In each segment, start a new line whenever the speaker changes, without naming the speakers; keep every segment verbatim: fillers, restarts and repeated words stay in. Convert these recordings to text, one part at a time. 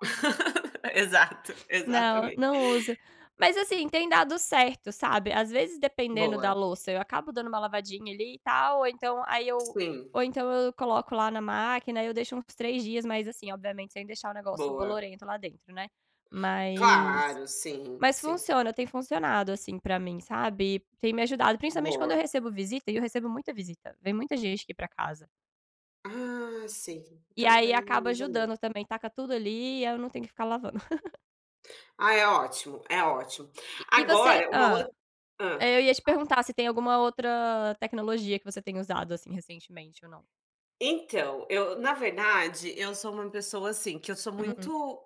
Exato.
Não,
Exatamente.
não uso. Mas assim, tem dado certo, sabe. Às vezes, dependendo da
Boa.
louça, eu acabo dando uma lavadinha ali e tal ou então aí eu
Sim.
ou então eu coloco lá na máquina, aí eu deixo uns três dias. Mas assim, obviamente sem deixar o negócio
Boa.
bolorento lá dentro, né. Mas
Claro, sim,
mas
sim.
funciona, tem funcionado, assim, para mim, sabe. Tem me ajudado. Principalmente quando eu
Boa.
recebo visita, e eu recebo muita visita. Vem muita gente aqui para casa.
Ah, sim.
e
Então
aí
daí
acaba
usa mesmo.
ajudando também, taca tudo ali e eu não tenho que ficar lavando.
Ah, é ótimo, é ótimo.
E e você
Agora, uma ou
Hã.
hã,
Eu ia te
fala.
perguntar se tem alguma outra tecnologia que você tem usado, assim, recentemente, ou não?
Então, eu na verdade, eu sou uma pessoa assim, que eu sou
Uhum.
muito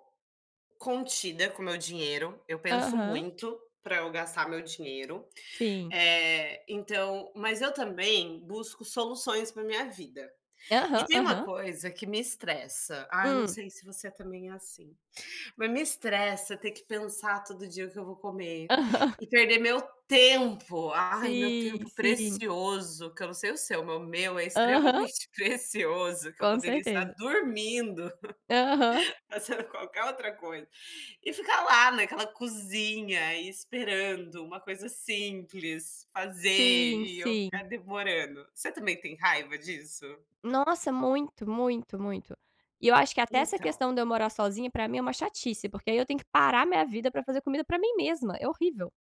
contida com o meu dinheiro. Eu penso
Aham.
muito para eu gastar meu dinheiro.
Sim.
Eh, então mas eu também busco soluções para minha vida. E
Aham,
tem uma
aham.
coisa que me estressa. Ai, não
Hum.
sei se você é também é assim. Mas me estressa ter que pensar todo dia o que eu vou comer,
Aham.
e perder meu tempo, ai, meu
Sim,
tempo
sim.
precioso. Que eu não sei o seu, mas o meu é
Aham.
extremamente precioso, que eu
Com
poderia estar
certeza.
dormindo,
Aham.
fazendo qualquer outra coisa. E ficar lá naquela cozinha e esperando, uma coisa simples, fazer
Sim,
e eu
sim.
ficar demorando. Você também tem raiva disso?
Nossa, muito, muito, muito. E eu acho que até essa
Então.
questão de eu morar sozinha, para mim, é uma chatice, porque aí eu tenho que parar minha vida para fazer comida para mim mesma. É horrível.